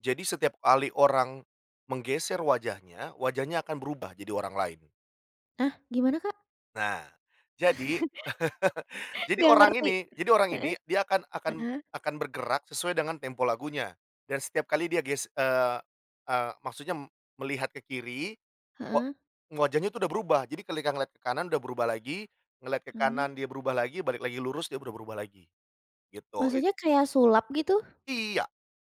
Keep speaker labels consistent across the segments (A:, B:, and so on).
A: Jadi setiap ali orang menggeser wajahnya, wajahnya akan berubah jadi orang lain.
B: Hah, gimana kak?
A: Nah, jadi jadi
B: Nggak
A: orang
B: ngerti,
A: ini jadi orang
B: heeh
A: ini, dia akan akan
B: heeh.
A: akan bergerak sesuai dengan tempo lagunya. Dan setiap kali dia ges eee eee, maksudnya m melihat ke kiri wa
B: Heeh.
A: wajahnya tuh udah berubah. Jadi kelika ngelihat ke kanan udah berubah lagi, ngelihat ke
B: Mmm.
A: kanan dia berubah lagi, balik lagi lurus dia berubah rubah lagi, gitu. Ik
B: Maksudnya kayak sulap, gitu?
A: Iya,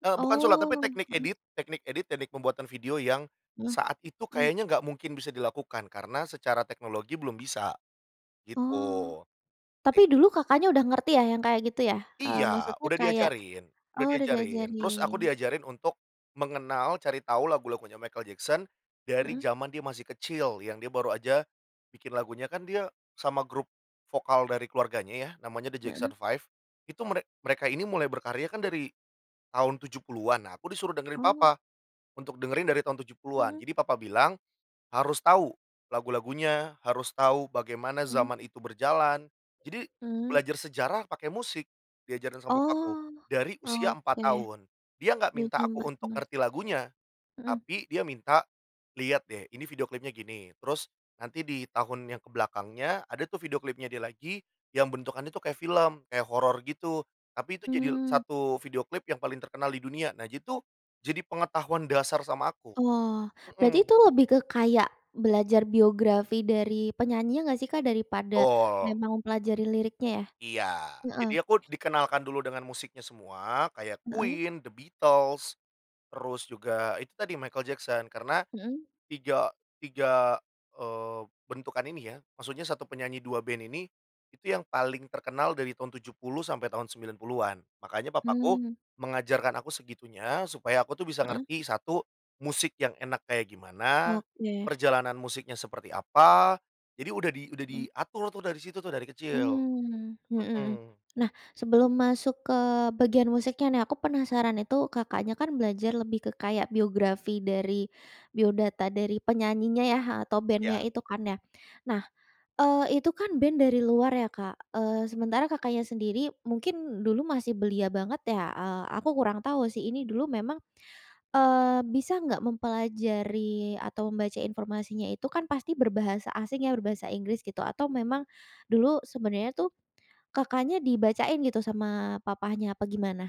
A: eee, bukan sulap,
B: Oh.
A: tapi teknik
B: Heeh.
A: edit teknik edit, teknik pembuatan video yang
B: Heeh,
A: saat itu
B: mmm.
A: kayaknya nggak mungkin bisa dilakukan, karena secara teknologi belum bisa, gitu.
B: Oh, tapi
A: Eit
B: dulu Kakaknya udah ngerti ya, yang kayak gitu ya? Eee,
A: Iya,
B: maksudnya
A: udah
B: kayak
A: diajarin
B: oh
A: udah
B: udah
A: diajarin, terus aku
B: diajarin.
A: diajarin untuk mengenal cari tahu lagu-lagunya Michael Jackson dari
B: Heeh.
A: zaman dia masih kecil, yang dia baru aja bikin lagunya, kan dia sama grup vokal dari keluarganya ya, namanya The Jackson
B: Heeh.
A: 5, itu merek mereka ini mulai berkarya kan dari tahun 70-an, nah aku disuruh dengerin
B: Oh.
A: papa, untuk dengerin dari tahun 70-an.
B: Mhm.
A: Jadi papa bilang, "Harus tahu lagu-lagunya, harus tahu bagaimana
B: Mmm.
A: zaman itu berjalan." Jadi
B: Mmm.
A: belajar sejarah pakai musik di ajaran sama bokapku,
B: Oh,
A: dari usia
B: oke,
A: 4 tahun. Dia gak
B: dari
A: minta
B: usia
A: aku
B: 4
A: untuk
B: tahun.
A: ngerti lagunya.
B: Mhm.
A: Tapi dia minta, "Liat deh, ini video klipnya gini, terus nanti di tahun yang ke belakangnya ada tuh video klipnya dia lagi, yang bentukannya itu kayak film, kayak horor gitu, tapi itu jadi e
B: Mmm.
A: satu video klip yang paling terkenal di dunia." Nah, jitu, jadi pengetahuan dasar sama aku.
B: Oh, berarti
A: Mhm.
B: itu lebih ke kayak belajar biografi dari penyanyinya nggak sih, Kak, daripada
A: Betul.
B: memang mempelajari liriknya ya?
A: Iya.
B: Heeh.
A: Jadi aku dikenalkan dulu dengan musiknya semua kayak
B: Heeh.
A: Queen, The Beatles, terus juga itu tadi Michael Jackson, karena
B: Mhm.
A: tiga tiga, eee, bentukan ini ya, maksudnya 1 penyanyi 2 band ini, itu yang paling terkenal dari tahun 70 sampai tahun 90-an. Makanya papaku
B: Hmm.
A: mengajarkan aku segitunya, supaya aku tuh bisa
B: Heeh.
A: ngerti 1, musik yang enak kayak gimana,
B: Oke.
A: perjalanan musiknya seperti apa, jadi udah di udah
B: Mmm.
A: diatur tuh dari situ tuh, dari kecil.
B: Mmm, mhm.
A: Mhm.
B: Nah, sebelum masuk ke bagian musiknya nih. Aku penasaran, itu Kakaknya kan belajar lebih ke kayak biografi dari biodata dari penyanyinya ya, atau band-nya
A: Iya.
B: itu kan ya. Nah, eee, itu kan band dari luar ya, Kak, eee, sementara Kakaknya sendiri mungkin dulu masih belia banget ya, eee, aku kurang tahu sih ini dulu memang eee, bisa nggak mempelajari atau membaca informasinya, itu kan pasti berbahasa asing ya, berbahasa Inggris gitu, atau memang dulu sebenarnya tuh, Kakaknya dibacain gitu, sama papahnya, apa gimana?